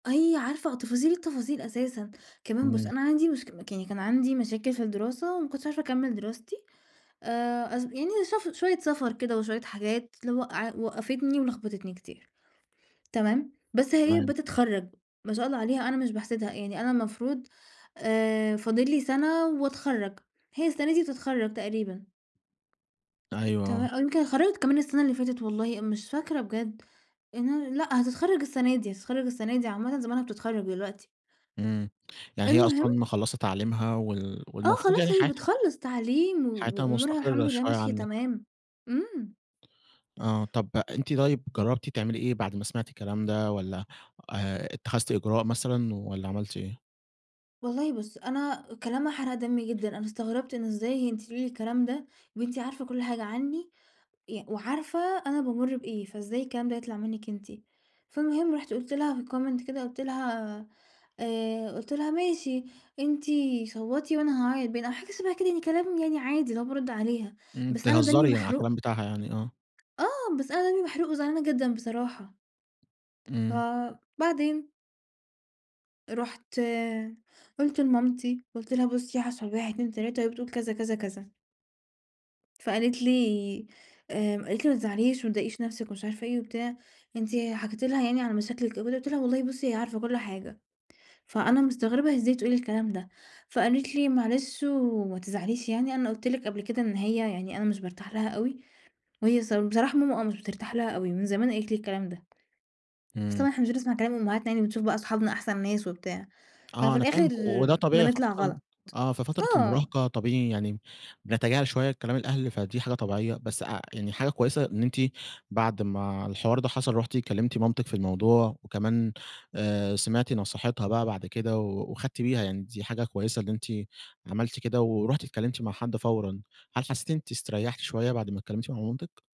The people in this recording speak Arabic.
هي عارفة تفاصيل التفاصيل أساسًا. كمان بُص، إمم. أنا عندي مشك مك يعني كان عندي مشاكل في الدراسة وما كنتش عارفة أكمل دراستي، آآ، اص يعني شف شوية سفر كده وشوية حاجات لو وقع وقفتني ولخبطتني كتير، تمام؟ بس هي تمام. بتتخرج، ما شاء الله عليها، أنا مش باحسدها، يعني أنا المفروض آآ، فاضل لي سنة وأتخرج، هي السنة دي بتتخرج تقريبًا. أيوه، تمام، آه. أو يمكن اتخرجت كمان السنة اللي فاتت والله مش فاكرة بجد. لإن أنا لأ، هتتخرج السنة دي. هتتخرج السنة دي عامةً زمانها بتتخرج دلوقتي. إمم، يعني هي المهم. أصلًا مِخَلّصة تعليمها وال آه، والمفروض خلاص يعني هي حياتها بتخلص تعليم و حياتها وأمورها الحمد مستقرة لله شوية ماشية عنِك. تمام. إمم. آه، طَب، أنتِ طيب، جربتِ تعملي إيه بعد ما سمعتِ الكلام ده والّا آآ، اتخذتِ إجراء مثلًا والّا عملتِ إيه؟ والله بُص، أنا كلامها حرق دمي جدًا. أنا استغربت إن إزاي أنتِ تقولي لي الكلام ده! وأنتِ عارفة كل حاجة عني، ي وعارفة أنا بامُر بإيه، فإزاي الكلام ده يطلع منِك أنتِ؟ فالمهم رُحت قُلت لها في الcomment كده قُلت لها آآ، قُلت لها: "ماشي، أنتِ صَوَّتي وأنا هاعيط باين." أو حاجة شبه كده يعني، كلام عادي اللي هو بارُد عليها، إمم، بس أنا دمي تهزري يعني على محروق. الكلام بتاعها يعني، آه. آه، بس أنا دمي محروق وزعلانة جدًا بصراحة. إمم. فبعدين رُحت قُلت لمامتي، قلت لها: "بُصي، حصل 1، 2، 3 وهي بتقول كذا، كذا، كذا." فقالت لي آآ، قالت لي: "ما تزعليش وما تضايقيش نفْسِك ومش عارفة إيه وبتاع. أنتِ حكيتِ لها يعني على مشاكلِك." [unintelligible] قلت لها: "والله بُصي، هي عارفة كل حاجة، فأنا مستغربة هي إزاي تقول الكلام ده." فقالت لي: "معلش وما تزعليش يعني، أنا قُلت لِك قبل كده إن هي يعني أنا مش بارتاح لها أوي." وهي ص بصراحة ماما آه، مش بترتاح لها أوي من زمان قالت لي الكلام ده. بس إمم. طبعًا إحنا مش بنسمع كلام امهاتنا يعني بنشوف بَقى صحابنا أحسن ناس وبتاع، آه، ففي أنا الآخر فاهمِك، وده طبيعي بنطلع خاصةً غلط، آه، في فترة آه. المراهقة طبيعي يعني بنتجاهل شوية كلام الأهل، فدي حاجة طبيعية. بس اع يعني حاجة كويسة إن أنتِ بعد ما الحوار ده حصل، رُحتِ كلمتِ مامتِك في الموضوع وكمان آآ، سمعتِ نصيحتها بَقى بعد كده و وخدتِ بيها يعني دي حاجة كويسة إن أنتِ عملتِ كده ورُحتِ اتكلمتِ مع حد فورًا. هل حسيتِ إن أنتِ إستريحتِ شوية بعد ما اتكلمتِ مع مامتِك؟